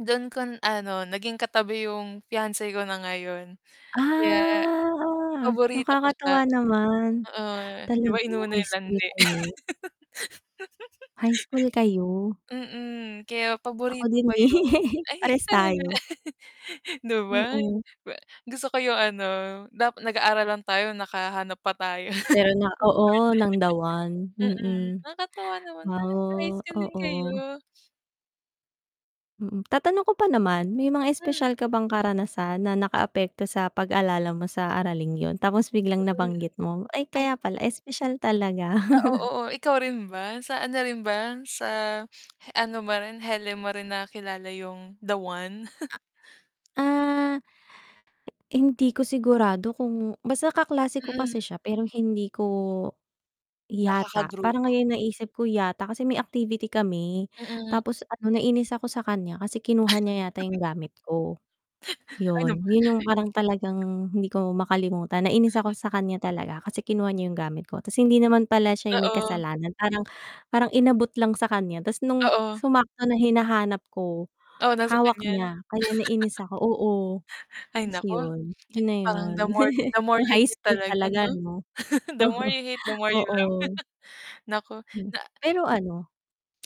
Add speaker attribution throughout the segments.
Speaker 1: Dun ko ano naging katabi yung fiance ko na ngayon, kaya
Speaker 2: Ah,
Speaker 1: paborito ko siya.
Speaker 2: nakakatuwa naman.
Speaker 1: Oo, 'di ba
Speaker 2: Talaga
Speaker 1: inuna
Speaker 2: high
Speaker 1: yung
Speaker 2: school
Speaker 1: landi.
Speaker 2: kayo? High school kayo.
Speaker 1: Mm, kaya
Speaker 2: Ako
Speaker 1: paborito
Speaker 2: din
Speaker 1: ko
Speaker 2: gan
Speaker 1: yun
Speaker 2: eh,
Speaker 1: ay
Speaker 2: parehas
Speaker 1: talaga?
Speaker 2: tayo.
Speaker 1: 'Di ba,
Speaker 2: Oo.
Speaker 1: ba gusto ko yung ano, dap nag-aaral lang tayo nakahanap pa tayo ng partner.
Speaker 2: Pero na oo ng the one,
Speaker 1: Mm,
Speaker 2: mm.
Speaker 1: nakakatuwa naman [unintelligible] high
Speaker 2: Oh,
Speaker 1: school din
Speaker 2: oo.
Speaker 1: kayo.
Speaker 2: Mm, tatanong ko pa naman may mga
Speaker 1: Mm.
Speaker 2: espesyal ka bang karanasan na nakaapekto sa pag-alala mo sa araling yun. Tapos biglang
Speaker 1: Mm,
Speaker 2: nabanggit mo, ay
Speaker 1: ay.
Speaker 2: kaya pala espesyal talaga.
Speaker 1: Ah, oo ikaw rin ba? Sa ano rin ba, sa he ano mo rin hele mo rin na kilala 'yong "The one"?
Speaker 2: Ah. Hindi ko sigurado kung basta kaklase ko
Speaker 1: Mm.
Speaker 2: kasi siya pero hindi ko yata, parang
Speaker 1: Nakaka-grupo.
Speaker 2: ngayon naisip ko yata, kasi may activity kami,
Speaker 1: Mm.
Speaker 2: tapos ano nainis ako sa kanya kasi kinuha niya yata yung gamit ko.
Speaker 1: Ano
Speaker 2: Yun,
Speaker 1: ba
Speaker 2: yun yung parang talagang hindi ko makalimutan. Nainis
Speaker 1: Mm.
Speaker 2: ako sa kanya talaga kasi kinuha niya yung gamit ko, tapos hindi naman pala siya yung may
Speaker 1: Oo.
Speaker 2: kasalanan. Parang parang inabot lang sa kanya tapos nung
Speaker 1: Oo.
Speaker 2: sumakto na hinahanap ko
Speaker 1: Oh, nasa
Speaker 2: hawak
Speaker 1: kaniya.
Speaker 2: niya, kaya nais ako oo,
Speaker 1: Ay
Speaker 2: tas
Speaker 1: naku,
Speaker 2: yun, yun na.
Speaker 1: parang the more the more
Speaker 2: Yung
Speaker 1: you
Speaker 2: high
Speaker 1: hate
Speaker 2: school
Speaker 1: talaga 'no?
Speaker 2: talaga 'no?
Speaker 1: The more you hate, the more you love.
Speaker 2: Oo.
Speaker 1: Naku,
Speaker 2: Hmm.
Speaker 1: na
Speaker 2: Pero ano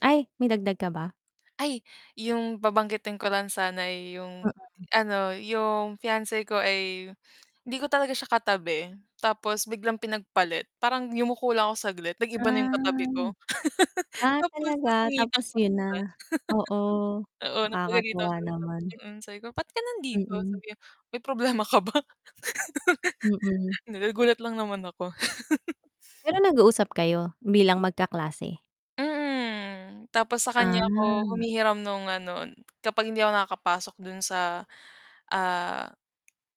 Speaker 2: ay may dagdag ka ba?
Speaker 1: Ay, yung babanggitin ko lang sana yung
Speaker 2: Mm.
Speaker 1: ano, yung fiance ko ay hindi ko talaga siya katabi tapos biglang pinagpalit parang yumuko lang ako saglit nag-iba na yung katabi
Speaker 2: Ah.
Speaker 1: ko.
Speaker 2: Ah,
Speaker 1: Tapos
Speaker 2: talaga
Speaker 1: nasungitan
Speaker 2: tapos
Speaker 1: ko pa
Speaker 2: yun na?
Speaker 1: siya.
Speaker 2: Oo,
Speaker 1: Oo napagalitan
Speaker 2: Nakakatuwa naman.
Speaker 1: [unintelligible] sabi ko, "Ba't ka nandito?"
Speaker 2: Mm.
Speaker 1: sabi niya. "May problema ka ba?"
Speaker 2: Mm.
Speaker 1: Nagulat lang naman ako.
Speaker 2: Pero nag-uusap kayo bilang magkaklase?
Speaker 1: Mm, tapos sa kanya ako
Speaker 2: Ah.
Speaker 1: humihiram nung ano, kapag hindi ako nakakapasok dun sa, ah,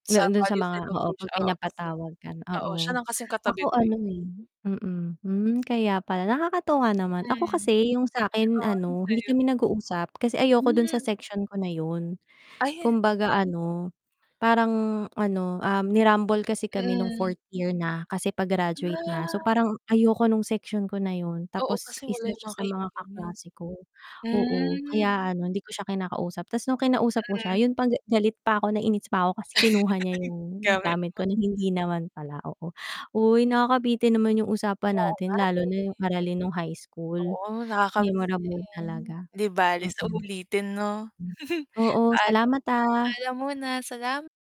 Speaker 1: sa
Speaker 2: Noon dun sa
Speaker 1: Values
Speaker 2: mga oo 'pag
Speaker 1: Education oo kasi
Speaker 2: pinapatawag ka
Speaker 1: oo siya
Speaker 2: oo.
Speaker 1: lang kasing
Speaker 2: Ako
Speaker 1: katabi ko eh.
Speaker 2: ano eh mm, hmm, kaya pala nakakatuwa naman ako
Speaker 1: Mm,
Speaker 2: kasi yung sakin
Speaker 1: oo
Speaker 2: ano hindi
Speaker 1: ansaya.
Speaker 2: kami nag-uusap kasi ayoko dun sa
Speaker 1: Hmm.
Speaker 2: section ko na yun.
Speaker 1: Ayan.
Speaker 2: Kumbaga ano parang ano, ah, ni-rumble kasi kami nung
Speaker 1: Mm.
Speaker 2: 4th year na kasi pa-graduate na, so
Speaker 1: Ah.
Speaker 2: parang ayoko ng section ko na yun,
Speaker 1: Oo,
Speaker 2: tapos
Speaker 1: kasi wala
Speaker 2: isa
Speaker 1: yung
Speaker 2: siya
Speaker 1: mga
Speaker 2: sa mga
Speaker 1: kaibigan mo.
Speaker 2: kaklase ko. Oo,
Speaker 1: Hmm.
Speaker 2: kaya ano hindi ko siya kinakausap, tas nung kinausap ko
Speaker 1: Mm.
Speaker 2: siya yun pang ga galit pa ko, nainis pa ko, kasi kinuha niya yung
Speaker 1: Gamit
Speaker 2: gamit
Speaker 1: mo.
Speaker 2: ko na hindi naman pala, oo. Uy, nakakabitin naman yung usapan
Speaker 1: Oo
Speaker 2: natin
Speaker 1: nga,
Speaker 2: lalo
Speaker 1: eh.
Speaker 2: na yung aralin nung high school,
Speaker 1: Oo, nakaka-miss
Speaker 2: memorable
Speaker 1: din.
Speaker 2: talaga.
Speaker 1: 'Di bale sa
Speaker 2: Mm.
Speaker 1: ulitin 'no.
Speaker 2: Oo,
Speaker 1: Paalam.
Speaker 2: salamat, ah.
Speaker 1: Paalam muna, salama